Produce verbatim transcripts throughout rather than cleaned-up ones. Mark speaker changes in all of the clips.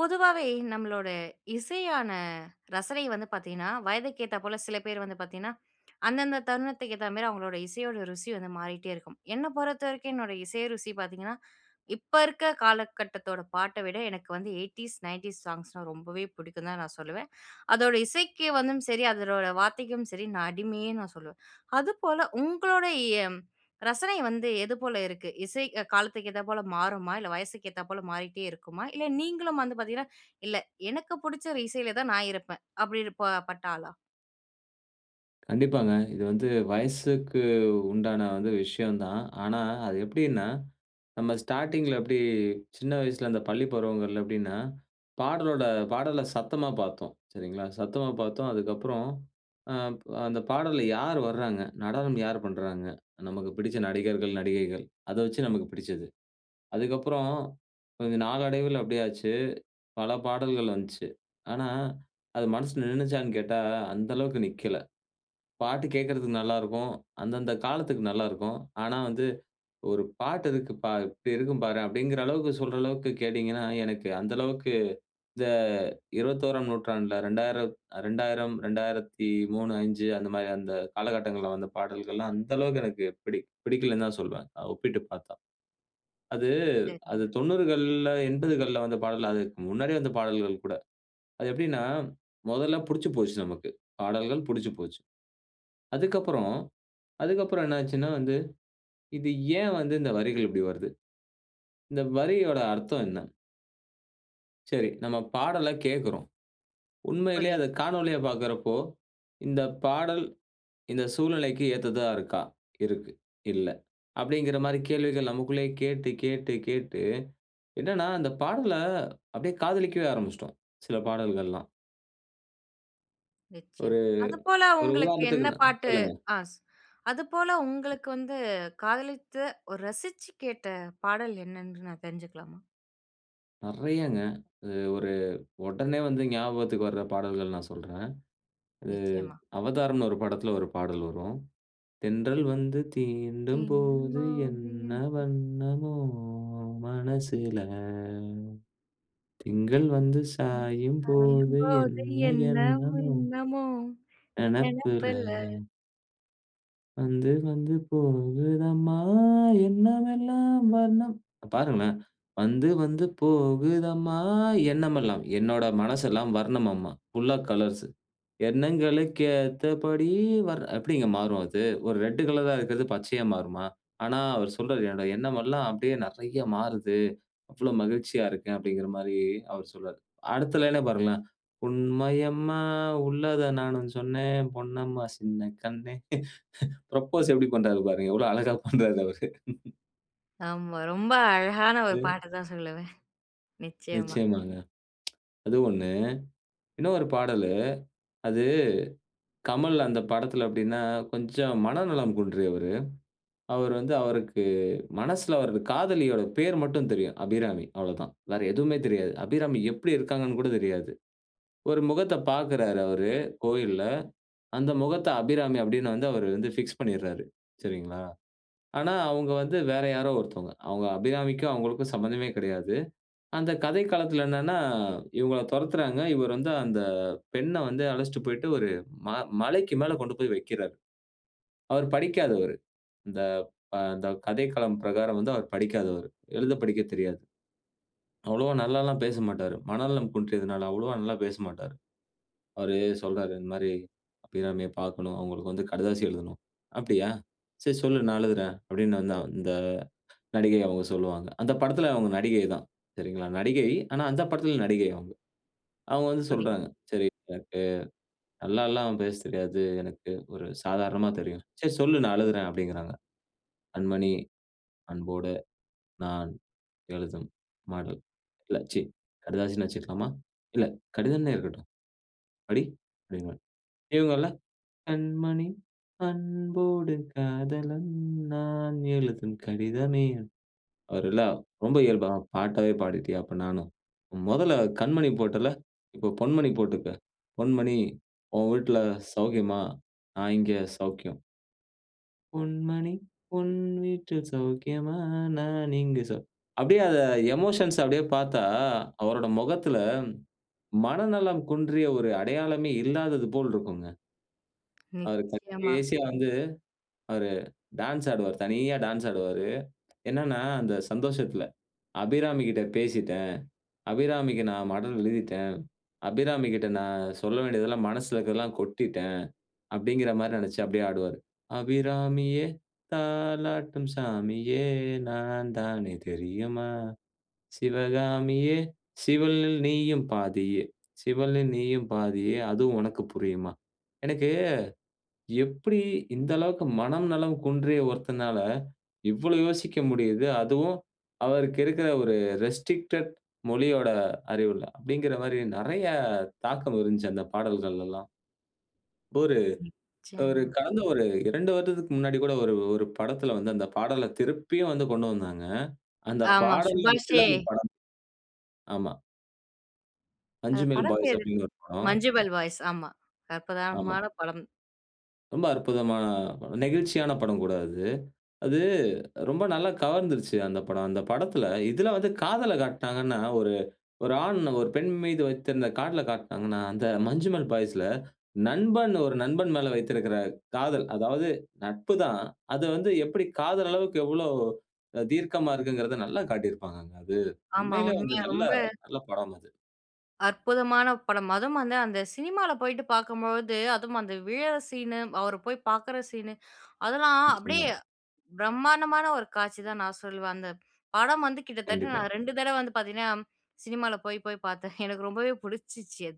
Speaker 1: பொதுவாவே நம்மளோட, இசையான ரசனை வந்து பார்த்தீங்கன்னா, வயதுக்கு ஏத்தா போல சில பேர் வந்து பார்த்தீங்கன்னா, அந்தந்த தருணத்துக்கு ஏத்த மாதிரி அவங்களோட இசையோட ருசி வந்து மாறிட்டே இருக்கும். என்ன பொறுத்தவரைக்கும் என்னோட இசை ருசி பார்த்தீங்கன்னா, இப்ப இருக்க காலகட்டத்தோட பாட்ட விட, எனக்கு வந்து எய்ட்டீஸ், நைன்ட்டீஸ் சாங்ஸ்னா ரொம்பவே புடிக்கும் தான் நான் சொல்லுவேன். அதோட இசைக்கு வந்தும் சரி, அதனோட வார்த்தைக்கும் சரி நான் அடிமைன்னு நான் சொல்லுவேன். அதுபோல உங்களோடய ரசனை வந்து எது போல இருக்கு? இசை காலத்துக்கு ஏத்தா போல மாறுமா? இல்ல வயசுக்கு ஏத்தா போல மாறிட்டே இருக்குமா? இல்ல நீங்களும் வந்து பார்த்தீங்கன்னா, இல்ல எனக்கு புடிச்ச ஒரு இசைல தான் நான் இருப்பேன். அப்டின்னு ப பட்ட ஆளா?
Speaker 2: கண்டிப்பாங்க. இது வந்து வயசுக்கு உண்டான வந்து விஷயம் தான். ஆனா அது எப்படின்னா, நம்ம ஸ்டார்ட்டிங்ல எப்டி, சின்ன வயசுல, அந்த பள்ளி பருவங்கள்ல எப்டின்னா, பாடலோட பாடல சத்தமா பார்த்தோம். சரிங்களா? சத்தமா பார்த்தோம். அதுக்கு அப்புறம் அ, அந்த பாடல்ல யார் வர்றாங்க? நடனம் யார் பண்றாங்க? நமக்கு பிடிச்ச நடிகர்கள், நடிகைகள் அத வச்சு நமக்கு பிடிச்சது. அதுக்கு அப்புறம், கொஞ்சம் நாளடைவில எப்டி ஆச்சு, பல பாடல்கள் வன்ச்சு. ஆனா அது மனசுல நின்னுச்சான்னு கேட்டா அந்த அளவுக்கு நிக்கல. பாட்டு கேக்கறதுக்கு நல்லா இருக்கும். அந்தந்த காலத்துக்கு நல்லா இருக்கும். ஆனா வந்து "ஒரு பாட்டு இருக்கு ப இப்டி இருக்கும் பாரேன்!" அப்டிங்கிற அளவுக்கு சொல்ற அளவுக்கு கேட்டீங்கன்னா, எனக்கு அந்த அளவுக்கு இந்த இருபத்தோராம் நூற்றாண்டுல இரண்டாயிரம் அ இரண்டாயிரம், இரண்டாயிரத்தி மூணு, அஞ்சு அந்த மாரி, அந்த காலகட்டங்கள்ல வந்த பாடல்கள்லாம் அந்த அளவுக்கு எனக்கு பிடி பிடிக்கலன்னு தான் சொல்லுவேன். ஒப்பிட்டு பார்த்தா. அது, அது
Speaker 1: சரிங்க.
Speaker 2: தொண்ணூறுகள்ல, எண்பதுகள்ல வந்த பாடல், அதுக்கு முன்னாடியே வந்த பாடல்கள் கூட. அது எப்டின்னா, முதல்ல புடிச்சு போச்சு நமக்கு, பாடல்கள் புடிச்சு போச்சு. அதுக்கு அப்புறம், அதுக்கு அப்புறம் என்ன ஆச்சுன்னா வந்து, இது ஏன் வந்து இந்த வரிகள் இப்டி வருது? இந்த வரியோட அர்த்தம் என்ன? சரி, நம்ம பாடல கேட்குறோம். உண்மையிலே அத
Speaker 1: புரியுது.
Speaker 2: காணொளியா பாக்குறப்போ, இந்த பாடல், இந்த சூழ்நிலைக்கு ஏத்ததா இருக்கா? இருக்கு, இல்ல அப்பிடிங்கிற மாரி கேள்விகள் நமக்குள்ளே கேட்டு, கேட்டு, கேட்டு என்னன்னா அந்த பாடல அப்பிடியே காதலிக்கவே ஆரம்பிச்சுட்டோம். சில பாடல்கள்லாம். ஒரு,
Speaker 1: நிச்சயமா. அது போல
Speaker 2: ஒரு
Speaker 1: உங்களுக்கு என்ன
Speaker 2: உதாரணத்துக்கு நா
Speaker 1: பாட்டு,
Speaker 2: சொல்லுங்க.
Speaker 1: அ, சொ அது போல உங்களுக்கு வந்து காதலித்து, ஒரு ரசிச்சு கேட்ட பாடல் என்னன்று நான் தெரிஞ்சுக்கலாமா?
Speaker 2: நெறயாங்க, அது ஒரு உடனே வந்து ஞாபகத்துக்கு வர்ற பாடல்கள் நான் சொல்றேன். அது,
Speaker 1: நிச்சயமா.
Speaker 2: அவதார்னு ஒரு படத்துல ஒரு பாடல் வரும் தென்றல் வந்து தீண்டும் போது என்ன
Speaker 1: [unintelligible]
Speaker 2: வண்ணமோ மனசுல. திங்கள் வந்து
Speaker 1: ம்,
Speaker 2: சாயும் போது
Speaker 1: சாயும்போது
Speaker 2: என்ன
Speaker 1: என்ன
Speaker 2: என்னமோ
Speaker 1: வண்ணமோ
Speaker 2: நெனப்புல
Speaker 1: நெனப்புல
Speaker 2: வந்து, வந்து போகுதம்மா எண்ணமெல்லாம் வர்ணம் அ, பாருங்களேன் வந்து, வந்து போகுதம்மா எண்ணமெல்லாம் என்னோட மனசெல்லாம் வர்ணம்மா. ஃபுல்லா கலர்ஸ்சு. எண்ணங்களுக்கு ஏத்தபடி வர் எப்பிடிங்க மாறும் அது. ஒரு ரெட்டு கலரா இருக்குறது, பச்சையா மாறுமா? ஆனா, அவரு சொல்றாரு என்னோட எண்ணம் எல்லாம் அப்பிடியே நெறய மாறுது. அவ்ளோ மகிழ்ச்சியா இருக்கேன். அப்பிடிங்கிற மாரி அவர் சொல்றாரு. அடுத்த லைன்னா பாருங்களேன், உண்மையம்மா உள்ளத நானும் சொன்னேன். பொன்னம்மா சின்ன கண்ணே ஃபுரப்போஸ் எப்பிடி பண்றாரு பாருங்க எவ்ளோ அழகா பண்றாரு அவரு
Speaker 1: ஆமா. ரொம்ப அழகான ஒரு
Speaker 2: ம்.
Speaker 1: பாட்ட தான் சொல்லுவேன். நிச்சயமா.
Speaker 2: நிச்சயமாங்க அது ஒண்ணு, இன்னொரு பாடலு அது, கமல் அந்த படத்துல அப்டின்னா, கொஞ்சம் மனநலம் குன்றியவரு. அவரு வந்து அவருக்கு மனசுல அவரது காதலியோட பேர் மட்டும் தெரியும். 'அபிராமி' அவ்ளோதான். வேற எதுவுமே தெரியாது. 'அபிராமி' எப்டி இருக்காங்கன்னு கூட தெரியாது. ஒரு முகத்த பார்க்கிறாரு அவரு, கோவில்ல. அந்த முகத்த 'அபிராமி' அப்டின்னு வந்து அவரு வந்து பிக்ஸ் பண்ணிர்றாரு. சரிங்களா? ஆனா அவுங்க வந்து வேற யாரோ ஒருத்தவங்க. அவங்க 'அபிராமிக்கும்', அவங்களுக்கும் சம்மந்தமே கெடையாது. அந்த கதைக்களத்துல என்னன்னா, இவங்கள தொரத்துறாங்க. இவர் வந்து அந்த பெண்ண வந்து அழைச்சிட்டு போய்ட்டு ஒரு, ம மலைக்கு மேல கொண்டு போய் வக்கிறாரு. அவரு படிக்காதவரு. இந்த ப த கதைக்களம் பிரகாரம் வந்து அவரு படிக்காதவரு. எழுத படிக்க தெரியாது. அவ்வளவா நல்லால்லாம் பேசமாட்டாரு. மனநலம் குன்றியதுனால, அவ்வளவா நல்லா பேசமாட்டாரு. அவரு சொல்றாரு. இந்த மாதிரி, "அபிராமிய பார்க்கனும். அவங்களுக்கு வந்து கடுதாசி எழுதனும். அப்டியா? சரி சொல்லு நான் எழுதுறேன்." அப்டின்னு வந்து இந்த நடிகை அவங்க சொல்வாங்க. அந்த படத்துல அவங்க நடிகை தான். சரிங்களா, நடிகை, ஆனா அந்த படத்துல நடிகை அவுங்க. அவுங்க வந்து
Speaker 1: [unintelligible]
Speaker 2: சொல்றாங்க. "சரி, எனக்கு நல்லால்லாம் பேச தெரியாது. எனக்கு ஒரு சாதாரணமாத் தெரியும். சரி சொல்லு நான் எழுதுறேன்" அப்டின்கிறாங்க "கண்மணி, அன்போட, நான், எழுதும், மடல். இல்ல ச்சீ கடிதாசின்னே வச்சுக்கலாமா? இல்ல கடிதம்ன்னே இருக்கட்டும். படி" அப்டின்பார். இவங்க இல்ல "கண்மணி அன்போடு காதலன் நான் எழுதும் கடிதமே!" அவர் எல்லாம் ரொம்ப இயல்பா "பாட்டாவே பாடிட்டியா அப்ப நானும். மொதல்ல கண்மணி போட்ல்ல. இப்ப பொன்மணி போட்டுக்க. பொன்மணி ஓன் வீட்ல சௌக்கியமா? நான் இங்க சௌக்கியம்!" "பொன் மணி உன் வீட்டில் சௌக்கியமா? நான் இங்கு சௌ" அப்டியே எமோஷன்ஸ் அ அப்டியே பார்த்தா! அவரோட முகத்துல, மனநலம் குன்றிய ஒரு அடையாளமே இல்லாதது போல் இருக்குங்க! அவரு [unintelligible]
Speaker 1: நிச்சியமா.
Speaker 2: கடைசில வந்து, அவரு, டான்ஸ் ஆடுவாரு. தனியா டான்ஸ் ஆடுவாரு. என்னனா அந்த சந்தோஷத்துல, "அபிராமி கிட்ட பேசிட்டேன். அபிராமிக்கு நான் மடல் எழுதிட்டேன். அபிராமிகிட்ட நான் சொல்ல வேண்டியதெல்லாம் மனசுல இருக்கறதெல்லாம் கொட்டிட்டேன்!" அப்டிங்கிற மாரி நெனைச்சு அப்டியே ஆடுவாரு. "அபிராமியே! தாலாட்டும் சாமியே! நான் தானே தெரியுமா? சிவகாமியே! சிவனில் நீயும் பாதியே சிவனில் நீயும் பாதியே அதுவும் உனக்கு புரியுமா?" எனக்கு எப்டி இந்த அளவுக்கு மனம்நலம் குன்றிய ஒருத்தனால, இவ்ளோ யோசிக்க முடியுது. அதுவும் அவருக்கு இருக்குற ஒரு ரெஸ்ட்ரிக்டட் மொழியோட அறிவுல? அப்டிங்குற மாரி, நெறைய தாக்கம் இருன்ச்சு அந்த பாடல்கள்ல எல்லாம். இப்போரு ஒரு
Speaker 1: நிச்சியமா.
Speaker 2: கடந்த ஒரு இரண்டு வருடத்துக்கு முன்னாடி கூட ஒரு ஒரு படத்துல வந்து அந்த பாடல திருப்பியும் வந்து கொண்டு வந்தாங்க. அந்த
Speaker 1: ஆமா,
Speaker 2: பாடல வச்சு
Speaker 1: சுபாஷே!
Speaker 2: தான் அந்த படம். ஆமா.
Speaker 1: அந்த
Speaker 2: 'மஞ்சுமல்
Speaker 1: படம்
Speaker 2: பாய்ஸ்'
Speaker 1: பேரு,
Speaker 2: அப்டிங்கற ஒரு படம்.
Speaker 1: 'மஞ்சும்மல் பாய்ஸ்' ஆமா,
Speaker 2: ஆமா.
Speaker 1: அற்புதமான படம்.
Speaker 2: ரொம்ப அற்புதமான படம், நெகிழ்ச்சியான படம் கூட அது. அது ரொம்ப நல்லா கவர்ந்துருச்சு அந்த படம். அந்த படத்தில, இதில வந்து காதல காட்னாங்கனா, ஒரு ஒரு ஆண், ஒரு பெண் மீது வைத்திருந்த காதலைக் காட்னாங்கனா, அந்த 'மஞ்சு மல் பாய்ஸ்ல' நண்பன், ஒரு நண்பன் மேல வைத்திருக்கிற காதல். அதாவது நட்பு தான். அது வந்து எப்டி காதல் அளவுக்கு எவ்ளோ தீர்க்கமா இருக்கிங்கறத நல்லா காட்டியிருப்பாங்க. அது
Speaker 1: ஆமா.
Speaker 2: உண்மையிலே வந்து
Speaker 1: உண்மையா,
Speaker 2: நல்லா
Speaker 1: ரொம்ப.
Speaker 2: நல்ல படம் அது.
Speaker 1: அற்புதமான படம்! அதுவும் வந்து அந்த சினிமால போயிட்டு பார்க்கும்பொழுது, அதுவும் அந்த விழுற சீனு, அவரு போய் பாக்குற சீனு, அதெல்லாம்
Speaker 2: நிச்சயமா.
Speaker 1: அப்டியே பிரம்மாண்டமான ஒரு காட்சி தான் நான் சொல்லுவேன். அந்த படம் வந்து கிட்டத்தட்ட
Speaker 2: கண்டிப்பா.
Speaker 1: நான் ரெண்டு தடவ வந்து பார்த்தீங்கன்னா, சினிமால போய், போய் பாத்தேன். எனக்கு ரொம்பவே புடிச்சிச்சு.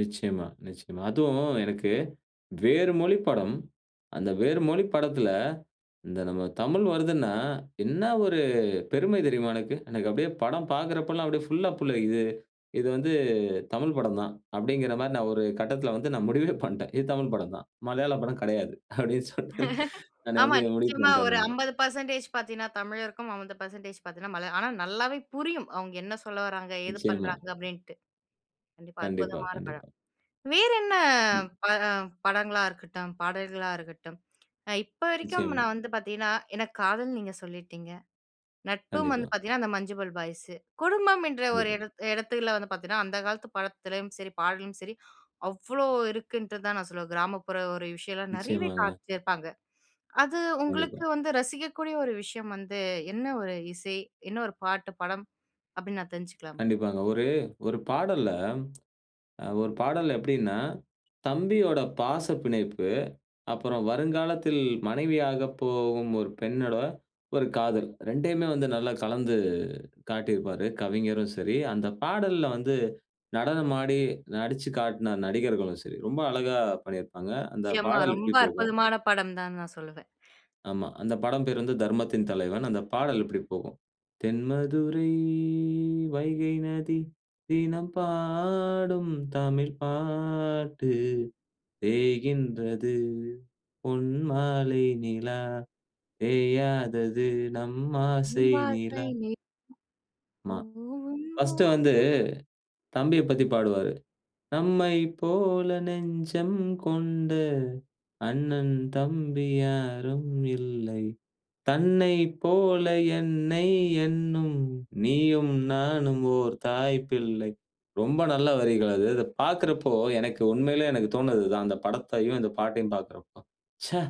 Speaker 2: நிச்சயமா, நிச்சயமா. அதுவும் எனக்கு வேறு மொழி படம், அந்த வேறு மொழி படத்தில, இந்த நம்ம தமிழ் வருதுனா, என்ன ஒரு பெருமை தெரியுமா எனக்கு. எனக்கு அப்டியே படம் பார்க்கிறப்ப எல்லாம் அப்டியே ஃபுல்லா புல்லரிக்குது. இது வந்து தமிழ் படம் தான்! அப்டிங்கற மாரி நான் ஒரு கட்டத்தில வந்து நான் முடிவே பண்டன். இது தமிழ் படம் தான். மலையாள படம் கெடையாது. அப்டின்னு சொல்ட்டு நானே
Speaker 1: ஆமா.
Speaker 2: வந்து, முடிவு
Speaker 1: நிச்சயமா
Speaker 2: பண்டன்
Speaker 1: ஒரு
Speaker 2: நானு.
Speaker 1: அம்பது பெர்சன்டேஜ் பார்த்தீனா, தமிழருக்கும். அம்பது பெர்சன்டேஜ் பார்த்தீனா மலயா ஆனா நல்லாவே புரியும். அவங்க என்ன சொல்ல வராங்க, ஏது
Speaker 2: நிச்சயமா.
Speaker 1: பண்றாங்க அப்டின்ட்டு. கண்டிப்பா,
Speaker 2: கண்டிப்பா,
Speaker 1: அற்புதமான படம்.
Speaker 2: கண்டிப்பா.
Speaker 1: வேறென்ன
Speaker 2: ம்.
Speaker 1: பட படங்களா இருக்கட்டும், பாடல்களா இருக்கட்டும், அ இப்ப வரைக்கும்
Speaker 2: நிச்சயமா.
Speaker 1: நான் வந்து பார்த்தீங்கன்னா, எனக்கு காதல் நீங்க சொல்லிட்டீங்க. நட்பும் வந்து
Speaker 2: கண்டிப்பா.
Speaker 1: பார்த்தீங்கன்னா அந்த 'மஞ்சுமல் பாய்ஸு'. குடும்பம் என்ற ஒரு
Speaker 2: கண்டிப்பா.
Speaker 1: இடத் இடத்துல வந்து பார்த்தீங்கன்னா, அந்த காலத்து படத்துலயும் சரி பாடலும் சரி அவ்ளோ இருக்குன்ட்டு தான் நான் சொல்லுவேன். கிராமப்புற ஒரு விஷயம்லாம், நெறையவே
Speaker 2: நிச்சயமாங்க.
Speaker 1: காமிச்சிருப்பாங்க. அது
Speaker 2: கண்டிப்பா.
Speaker 1: உங்களுக்கு வந்து ரசிக்கக்கூடிய ஒரு விஷயம் வந்து என்ன ஒரு இசை? என்ன ஒரு பாட்டு, படம்? அப்டின்னு நான் தெரிஞ்சுக்கலாமா?
Speaker 2: கண்டிப்பாங்க. ஒரு ஒரு பாடல்ல, அ ஒரு பாடல்ல எப்டினா, தம்பியோட பாச பிணைப்பு, அப்புறம் வருங்காலத்தில் மனைவியாக போகும் ஒரு பெண்ணோட ஒரு காதல் ரெண்டையுமே வந்து நல்லா கலந்து காட்டியிருப்பாரு. கவிஞரும் சரி, அந்த பாடல்ல வந்து நடனம் ஆடி, நடிச்சு காட்ன நடிகர்களும் சரி. ரொம்ப அழகா பண்ணிருப்பாங்க. அந்த
Speaker 1: நிச்சயமா.
Speaker 2: பாடல்
Speaker 1: ரொம்ப
Speaker 2: இப்டி போகும்.
Speaker 1: அற்புதமான படம் தான்னு நான் சொல்லுவேன்.
Speaker 2: ஆமா. அந்த படம் பெயர் வந்து 'தர்மத்தின் தலைவன்.' அந்த பாடல் இப்டி போகும். "தென்மதுரை வைகை நதி, தினம் பாடும், தமிழ் பாட்டு. பேய்கின்றது பொன்மாலை நிலா, பேயாதது நம் ஆசை
Speaker 1: நம் ஆசை
Speaker 2: நிலா!"
Speaker 1: நிலா.
Speaker 2: மா.
Speaker 1: போகும்,
Speaker 2: ஃபர்ஸ்டு வந்து
Speaker 1: தோறும்.
Speaker 2: தம்பியப் பத்தி பாடுவாரு. "நம்மை போல நெஞ்சம் கொண்ட, அண்ணன், தம்பி யாரும் இல்லை. தன்னை போல என்னை எண்ணும், நீயும் நானும் ஓர் தாய் பிள்ளை!" ரொம்ப நல்ல வரிகள் அது. அதபாக்கிறப்போ, எனக்கு உண்மையிலேயே எனக்கு தோன்னது இதான். அந்த படத்தையும், இந்த பாட்டையும் பார்க்கிறப்போ, "ச்சே!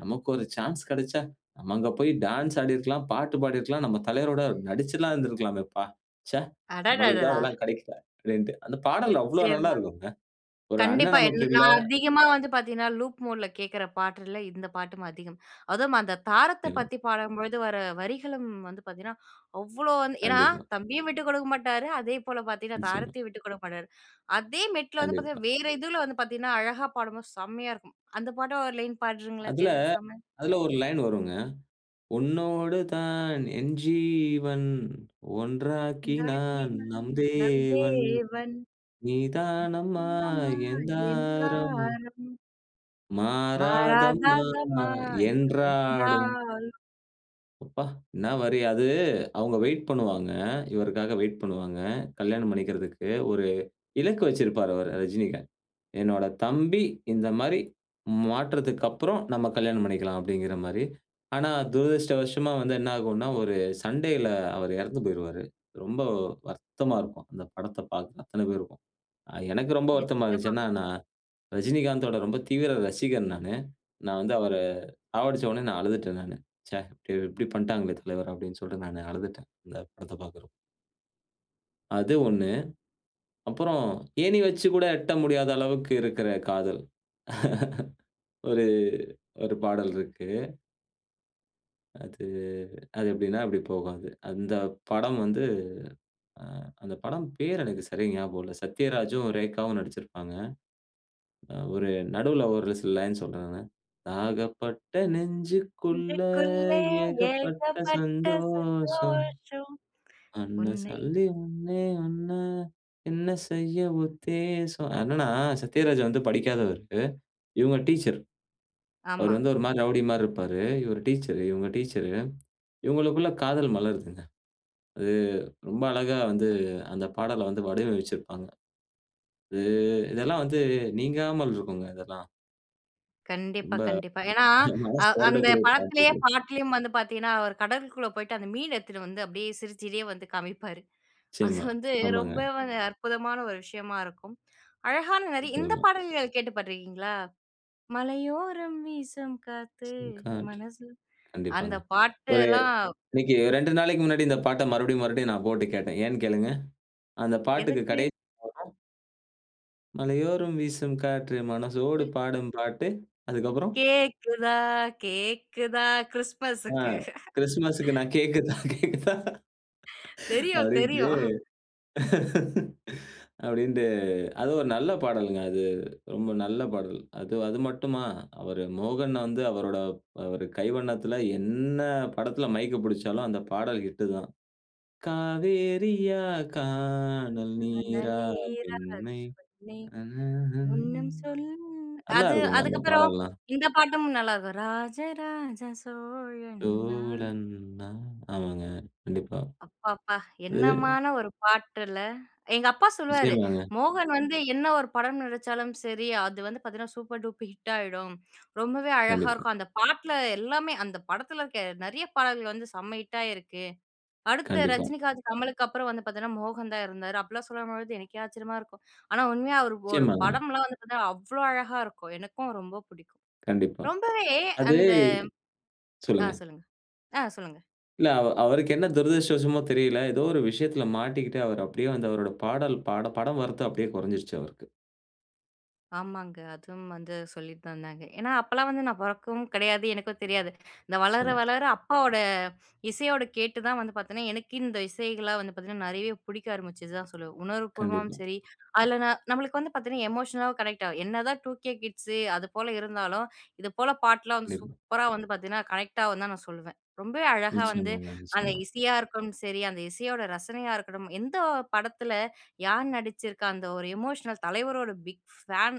Speaker 2: நமக்கு ஒரு சான்ஸ் கிடைச்சா, நம்ம அங்க போய் டான்ஸ் ஆடியிருக்கலாம், பாட்டு பாடியிருக்கலாம். நம்ம தலைவரோட நடிச்சுலாம் இருந்திருக்கலாமே பா. ச்சே! நமளுக்கு தான்
Speaker 1: அடடடடா!
Speaker 2: அதெல்லாம் கிடைக்கல." அப்டிண்டு. அந்த பாடல் அவ்ளோ நல்லா
Speaker 1: நிச்சயமா!
Speaker 2: இருக்குங்க. ஒரு அண்ணன்
Speaker 1: கண்டிப்பா,
Speaker 2: நமக்கு
Speaker 1: என்ன
Speaker 2: இல்ல.
Speaker 1: நான் அதிகமா வந்து பார்த்தீங்கன்னா, லூப் மோட்ல கேக்கிற பாட்டுல இந்த பாட்டும் அதிகம். அதுவும் அந்த தாரத்த
Speaker 2: எல்லாம்.
Speaker 1: பத்தி பாடும்பொழுது வர வரிகளும் வந்து பார்த்தீங்கன்னா, அவ்ளோ வந்து, ஏன்னா,
Speaker 2: கண்டிப்பா.
Speaker 1: தம்பியும் விட்டு குடுக்க மாட்டாரு. அதே போல பார்த்தீங்கன்னா,
Speaker 2: நிச்சயமா.
Speaker 1: தாரத்தையும் விட்டு குடுக்க மாட்டாரு. அதே மெட்ல வந்து.
Speaker 2: கண்டிப்பா.
Speaker 1: பார்த்தீங்கன்னா, வேற இதுல வந்து பார்த்தீங்கன்னா, அழகா பாடும்போது செம்மையா இருக்கும். அந்த பாட்டு ஒரு லைன் பாட்றீங்களா?
Speaker 2: அதுல,
Speaker 1: தேஜசம.
Speaker 2: அதுல ஒரு லைன் வருங்க. "உன்னோடு தான் என்ஜீவன், ஒன்றாக்கி நான்
Speaker 1: ஒன்றாக்கினான்
Speaker 2: நம்
Speaker 1: நம்
Speaker 2: தேவன்.
Speaker 1: தேவன்.
Speaker 2: நீதானமா
Speaker 1: நீதானம்மா
Speaker 2: என்
Speaker 1: என்
Speaker 2: தாரம்!"
Speaker 1: தாரம்.
Speaker 2: மாறாதம்மா
Speaker 1: மறாதாதம்மா யோ
Speaker 2: என்றாடும்.
Speaker 1: என்னாலும்.
Speaker 2: அப்ப, என்ன வரி. அது அவுங்க வெயிட் பண்ணுவாங்க. இவருக்காக வெயிட் பண்ணுவாங்க. கல்யாணம் பண்ணிக்குறதுக்கு. ஒரு இலக்கு வைச்சுருப்பாரு அவரு ரஜினிகாந்த். என்னோட தம்பி இந்த மாரி மாற்றத்துக்கப்புறம் நம்ம கல்யாணம் பண்ணிக்கலாம், அப்டீங்குற மாரி. ஆனா, துரதிஷ்டவஷமா வந்து என்ன ஆகும்னா, ஒரு சண்டைல அவரு இறந்து போய்ருவாரு. ரொம்ப வருத்தமா இருக்கும், அந்த படத்த பாக்குற அத்தன பேருக்கும். எனக்கு ரொம்ப வருத்தமா இருந்துச்சு.
Speaker 1: நிச்சயமா.
Speaker 2: என்னா, நான், ரஜினிகாந்தோட ரொம்ப தீவிர ரசிகன் நானு. நான் வந்து அவர சாவடிச்சோடனே நான் அழுதுட்டேன் நானு. "ச்ச! இப்டி பண்ணிட்டாங்களே தலைவர!" அப்டீன்னு சொல்ட்டு நான் அழுதுட்டேன். இந்த படத்த பாக்குறப்போ. அது ஒண்ணு. அப்புறம் ஏணி வச்சு கூட எட்ட முடியாத அளவுக்கு இருக்குற காதல். ஒரு ஒரு பாடல் இருக்கு. அது, அது எப்டீன்னா, இப்டி போகும் அது. அந்த படம் வந்து அ அந்த படம் பேரு எனக்கு சரியா ஞாபகம் இல்ல. சத்யராஜும், ரேகாவும் நடிச்சுருப்பாங்க. அ ஒரு நடுவுல ஒரு சில லைன் சொல்றேன் நானு, "தாகப்பட்ட நெஞ்சுக்குள்ள
Speaker 1: நெஞ்சுக்குள்ளே
Speaker 2: ஏகப்பட்ட
Speaker 1: ஏகப்பட்ட
Speaker 2: சந்தோஷம்.
Speaker 1: சந்தோஷம்,
Speaker 2: என்ன
Speaker 1: உன்னை.
Speaker 2: சொல்லி ஒண்ணே ஒண்ணு என்ன செய்ய உத்தேசம்." அது என்னென்ன, சத்யராஜ் வந்து படிக்காதவர். இவுங்க டீச்சர். அவரு
Speaker 1: ஆமா.
Speaker 2: வந்து ஒரு மாரி ரவுடி மாரி இருப்பாரு. இவர் டீச்சரு இவுங்க டீச்சரு. இவங்களுக்குள்ள காதல் மலருதுங்க. அது ரொம்ப அழகா வந்து அந்த பாடல வந்து வடிவமைச்சுருப்பாங்க. அது இதெல்லாம் வந்து நீங்காமல் இருக்குங்க இதெல்லாம்.
Speaker 1: கண்டிப்பா,
Speaker 2: ரொம்ப
Speaker 1: கண்டிப்பா. ஏனா அ
Speaker 2: மனசு
Speaker 1: அந்த
Speaker 2: வருடக்கூடிய பாட்டு
Speaker 1: படத்திலேயே
Speaker 2: இது.
Speaker 1: பாட்டுலயும் வந்து பாத்தீங்கன்னா, அவர் கடலுக்குள்ள போயிட்டு அந்த மீன் எடுத்துட்டு வந்து அப்டியே சிரிச்சிட்டே வந்து காமிப்பாரு. அது
Speaker 2: நிச்சியமா,
Speaker 1: வந்து ரொம்ப
Speaker 2: ஆமாங்க.
Speaker 1: அற்புதமான ஒரு விஷயமா இருக்கும். அழகான நெறைய இந்த
Speaker 2: நிச்சியமா.
Speaker 1: பாடல்கள் கேட்டு பாத்துருகீங்களா? "மலையோரம் வீசம் காத்து
Speaker 2: [unintelligible]
Speaker 1: மனச" அந்த
Speaker 2: கண்டிப்பாங்க. ஒரு
Speaker 1: பாட்டெல்லாம்
Speaker 2: இன்னைக்கு ரெண்டு நாளைக்கு முன்னாடி இந்த பாட்ட மறுபடியும் மறுபடியும் நான் போட்டு கேட்டேன். ஏன்னு கேளுங்க? அந்த பாட்டுக்கு
Speaker 1: எதுக்கு?
Speaker 2: கடைசி வரும். "மலையோரும் வீசும் காற்று மனசோடு
Speaker 1: ம்.
Speaker 2: பாடும் பாட்டு" அதுக்கு அப்பறம்.
Speaker 1: கேக்குதா, கேக்குதா?
Speaker 2: ஆ,
Speaker 1: கிறிஸ்ட்மஸ்க்கு.
Speaker 2: கிறிஸ்துமஸ்க்கு நான் கேக் கேக்குதா?
Speaker 1: தெரியும்,
Speaker 2: அப்டீன்ட்டு
Speaker 1: தெரியும்.
Speaker 2: அப்டின்ட்டு, அது ஒரு நல்ல பாடல்ங்க. அது, ரொம்ப நல்ல பாடல். அது, அது மட்டுமா அவரு மோகன் வந்து அவரோட ப் அவரு கைவண்ணத்தில என்ன படத்தில மைக் புடிச்சாலும் அந்த பாடல் ஹிட்டு தான். "காவேரியா காணல்
Speaker 1: [unintelligible]
Speaker 2: நீரா
Speaker 1: "நேரங்கள்
Speaker 2: பெண்மை
Speaker 1: நே
Speaker 2: ஹ்ம், ஹ்ம். ஹ்ம், ஹ்ம்.
Speaker 1: ஒண்ணு
Speaker 2: ஹ்ம்.
Speaker 1: சொல்லும்",
Speaker 2: நல்லா
Speaker 1: அது
Speaker 2: இருக்குங்க அந்த
Speaker 1: அதுக்கு அப்புறம்
Speaker 2: பாடலாம்.
Speaker 1: இந்த பாட்டும் நல்லா இருக்கும், "ராஜராஜ சோழன் நான்".
Speaker 2: தோழன் நான். ஆமாங்க, கண்டிப்பா.
Speaker 1: அப்பப்பா!
Speaker 2: இது.
Speaker 1: என்னமான ஒரு பாட்டுல! எங்க அப்பா சொல்லுவாரு,
Speaker 2: நிச்சியமாங்க.
Speaker 1: "மோகன் வந்து என்ன ஒரு படம் நடிச்சாலும் சரி. அது வந்து பாத்தீங்கன்னா, சூப்பர் டூப் ஹிட் ஆகிடும். ரொம்பவே அழகா
Speaker 2: கண்டிப்பா.
Speaker 1: இருக்கும் அந்த பாட்டுல எல்லாமே அந்த படத்தில இருக்க நெறைய பாடல்கள் வந்து செம்ம ஹிட்டாயிருக்கு. அடுத்த
Speaker 2: கண்டிப்பா.
Speaker 1: ரஜினிகாந்த், கமலுக்கு அப்புறம் வந்து பாத்தீங்கன்னா, மோகன் தான் இருந்தாரு." அப்டீலாம் சொல்லும்போது எனக்கே ஆச்சரியமா இருக்கும். ஆனா உண்மையா அவரோட
Speaker 2: நிச்சியமாங்க.
Speaker 1: படம்லாம் வந்து பாத்தன்னா அவ்வளோ அழகா இருக்கும். எனக்கும் ரொம்ப புடிக்கும்.
Speaker 2: கண்டிப்பா.
Speaker 1: ரொம்பவே
Speaker 2: அது
Speaker 1: அந்த ஆ
Speaker 2: சொல்லுங்க.
Speaker 1: சொல்லுங்க ஆ சொல்லுங்க.
Speaker 2: இல்ல. அவ அவருக்கு என்ன துரதிருஷ்டவசமோ தெரியல. ஏதோ ஒரு விஷயத்துல மாட்டிக்கிட்டு அவரு அப்டியே வந்து அவரோட பாடல் பாட படம் வரத்து அப்டீயே குறைஞ்சுருச்சு அவருக்கு.
Speaker 1: ஆமாங்க. அதுவும் வந்து சொல்லித் தந்தாங்க. ஏன்னா அப்போலாம் வந்து நான் பொறக்கவும் கிடையாது எனக்கும் தெரியாது. நான் வளர
Speaker 2: நிச்சியமா.
Speaker 1: வளர அப்பாவோட, இசையோட கேட்டு தான் வந்து பாத்தீங்கன்னா, எனக்கு இந்த இசைகள் வந்து பாத்தீங்கன்னா, நெறைய புடிக்க ஆரம்பிச்சு தான் சொல்லுவேன். உணர்வு பூர்வமாவும்
Speaker 2: கண்டிப்பா.
Speaker 1: சரி அதுல ந நம்மளுக்கு வந்து பாத்தீங்கன்னா எமோஷனல கனெக்ட் ஆகும். என்னதான் டுகே கிட்ஸ் அது போல இருந்தாலும் இது போல பாட்டுலாம் வந்து
Speaker 2: கண்டிப்பா.
Speaker 1: சூப்பரா வந்து பார்த்தீங்கன்னா, கனெக்ட் ஆகும் நான் சொல்லுவேன். ரொம்பவே அழகா வந்து
Speaker 2: நிச்சியமாங்க,
Speaker 1: அந்த
Speaker 2: நிச்சியமா.
Speaker 1: இசையா இருக்கனும் சரி அந்த இசையோட ரசனையா இருக்கட்டும் எந்த படத்தில யார் நடிச்சுருக்கா, அந்த ஒரு எமோஷனல் தலைவரோட பிக் ஃபேன்.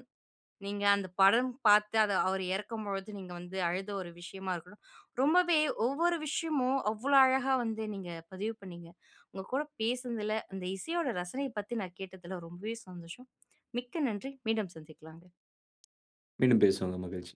Speaker 1: நீங்க அந்த படம் பாத்து அவர் இறக்கும் பொழுது நீங்க வந்து அழுத ஒரு விஷயமா இருக்கட்டும். ரொம்பவே ஒவ்வொரு விஷயமும், அவ்வளோ அழகா வந்து நீங்க பதிவு பண்ணிங்க. உங்க கூட பேசுனதில, இந்த இசையோட ரசனையப் பத்தி நான் கேட்டதில, ரொம்பவே சந்தோஷம். மிக்க நன்றி. மீண்டும் சந்திக்கலாங்க.
Speaker 2: மீண்டும் பேசுவோம்ங்க, மகிழ்ச்சி.